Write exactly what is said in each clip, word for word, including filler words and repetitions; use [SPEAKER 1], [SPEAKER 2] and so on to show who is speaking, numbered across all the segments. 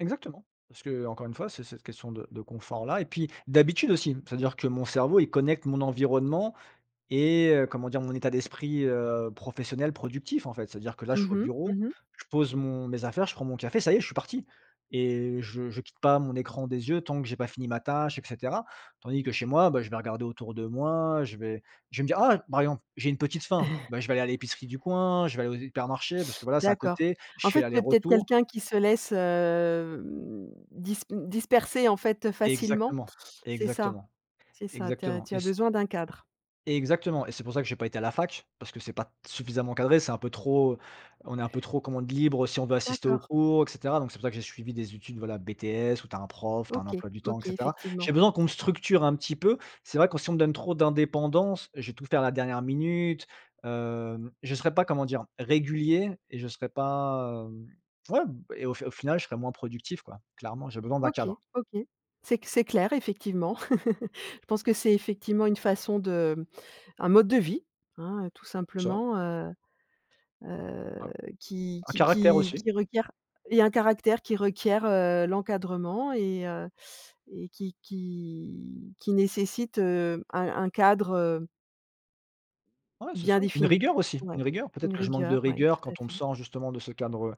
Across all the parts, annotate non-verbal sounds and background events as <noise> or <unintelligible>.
[SPEAKER 1] Exactement. Parce que, heu, encore une fois, c'est cette question de de confort-là et puis d'habitude aussi. C'est-à-dire que mon cerveau, il connecte mon environnement et heu, comment dire, mon état d'esprit, heu, professionnel productif en fait. C'est-à-dire que là, je suis au
[SPEAKER 2] Mmh
[SPEAKER 1] bureau,
[SPEAKER 2] mh.
[SPEAKER 1] je pose mon mes affaires, je prends mon café, ça y je suis parti et heu, je je quitte pas mon écran des yeux tant que j'ai pas fini ma tâche et cetera. Tandis que chez moi, bah, je vais regarder autour de moi, heu, je vais je vais me dire: «Ah!» par exemple: «J'ai une petite faim»,
[SPEAKER 2] <chuckles>
[SPEAKER 1] bah, je vais aller à l'épicerie du coin, je vais aller aux hypermarchés, parce que voilà, c'est à
[SPEAKER 2] D'accord.
[SPEAKER 1] côté, je
[SPEAKER 2] En
[SPEAKER 1] fais
[SPEAKER 2] fait, tu es peut-être
[SPEAKER 1] l'aller-retour.
[SPEAKER 2] quelqu'un qui se laisse, hem, dispe disperser en fait, heu, facilement?
[SPEAKER 1] Exactement,
[SPEAKER 2] C'est ça.
[SPEAKER 1] exactement.
[SPEAKER 2] C'est ça. Tu as
[SPEAKER 1] Exactement
[SPEAKER 2] tu
[SPEAKER 1] et
[SPEAKER 2] as
[SPEAKER 1] c
[SPEAKER 2] besoin d'un cadre.
[SPEAKER 1] Exactement et c'est pour ça que j'ai pas été à la fac, parce que c'est pas t suffisamment cadré, c'est un peu trop on est un peu trop commande libre si on veut assister
[SPEAKER 2] D'accord.
[SPEAKER 1] aux cours et cetera. Donc c'est pour ça que j'ai suivi des études, voilà BTS où tu as un prof, tu as un
[SPEAKER 2] OK,
[SPEAKER 1] emploi du temps et
[SPEAKER 2] OK
[SPEAKER 1] cetera.
[SPEAKER 2] effectivement.
[SPEAKER 1] J'ai besoin qu'on me structure un petit peu. C'est vrai que si on me donne trop d'indépendance, heu, je vais tout faire à la dernière minute, heu, je serai pas, comment dire, régulier et je serai pas, hem ouais et au fi au final, je serai moins productif quoi. Clairement, j'ai besoin d'un
[SPEAKER 2] OK,
[SPEAKER 1] cadre.
[SPEAKER 2] OK. C'est c c'est clair effectivement. <chuckles> Je pense que c'est effectivement une façon de un mode de vie, hein, heu, tout
[SPEAKER 1] <unintelligible>
[SPEAKER 2] simplement, heu
[SPEAKER 1] Un
[SPEAKER 2] heu, qui
[SPEAKER 1] un
[SPEAKER 2] qui
[SPEAKER 1] caractère
[SPEAKER 2] qui
[SPEAKER 1] aussi.
[SPEAKER 2] qui requiert et un caractère qui requiert, heu, l'encadrement et heu et qui qui qui nécessite, heu, un-un cadre, heu
[SPEAKER 1] Ouais, c'est
[SPEAKER 2] bien
[SPEAKER 1] ça, une
[SPEAKER 2] défini.
[SPEAKER 1] rigueur aussi,
[SPEAKER 2] Ouais,
[SPEAKER 1] une rigueur. Peut-être
[SPEAKER 2] une
[SPEAKER 1] que je manque de
[SPEAKER 2] rigueur, ouais
[SPEAKER 1] rigueur
[SPEAKER 2] tout à
[SPEAKER 1] quand on me
[SPEAKER 2] fait.
[SPEAKER 1] sort justement de ce cadre, heu,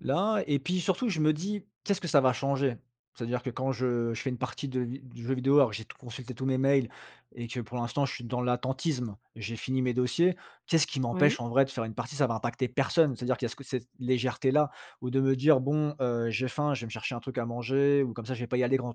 [SPEAKER 1] là et puis surtout je me dis: «Qu'est-ce que ça va changer?» c'est-à-dire que quand je je fais une partie de vi du jeu vidéo, alors que j'ai tout consulté tous mes mails et que pour l'instant je suis dans l'attentisme, j'ai fini mes dossiers. Qu'est-ce qui
[SPEAKER 2] Oui.
[SPEAKER 1] m'empêche en vrai de faire une partie? Ça va impacter personne, c'est-à-dire qui y a ce co cette légèreté-là, ou de me dire: «Bon, heu, j'ai faim, je vais me chercher un truc à manger, ou comme ça je vais pas y aller grand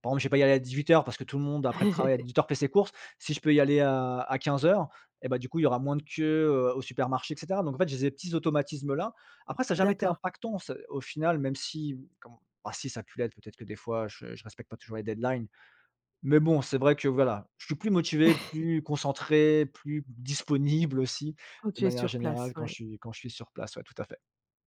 [SPEAKER 1] par contre je vais pas y aller à dix-huit heures parce que tout le monde après le travail à
[SPEAKER 2] <chuckles>
[SPEAKER 1] dix-huit heures fait ses courses. Si je peux y aller à à quinze heures et bah, du coup il y aura moins de queue, heu, au supermarché» et cetera. Donc en fait j'ai zé petits automatismes là. Après ça a jamais été
[SPEAKER 2] D'accord.
[SPEAKER 1] impactant c'est au final, même si, mmh, comme bah, si ça a pu l'être, peut-être que des fois, heu, je respecte pas toujours les deadlines. Mais bon c'est vrai que voilà, je suis plus motivé,
[SPEAKER 2] <chuckles>
[SPEAKER 1] plus concentré, plus disponible aussi
[SPEAKER 2] Quand
[SPEAKER 1] de
[SPEAKER 2] tu es
[SPEAKER 1] manière
[SPEAKER 2] sur place,
[SPEAKER 1] générale quand je
[SPEAKER 2] ouais.
[SPEAKER 1] suis quand je suis sur place, tout à fait.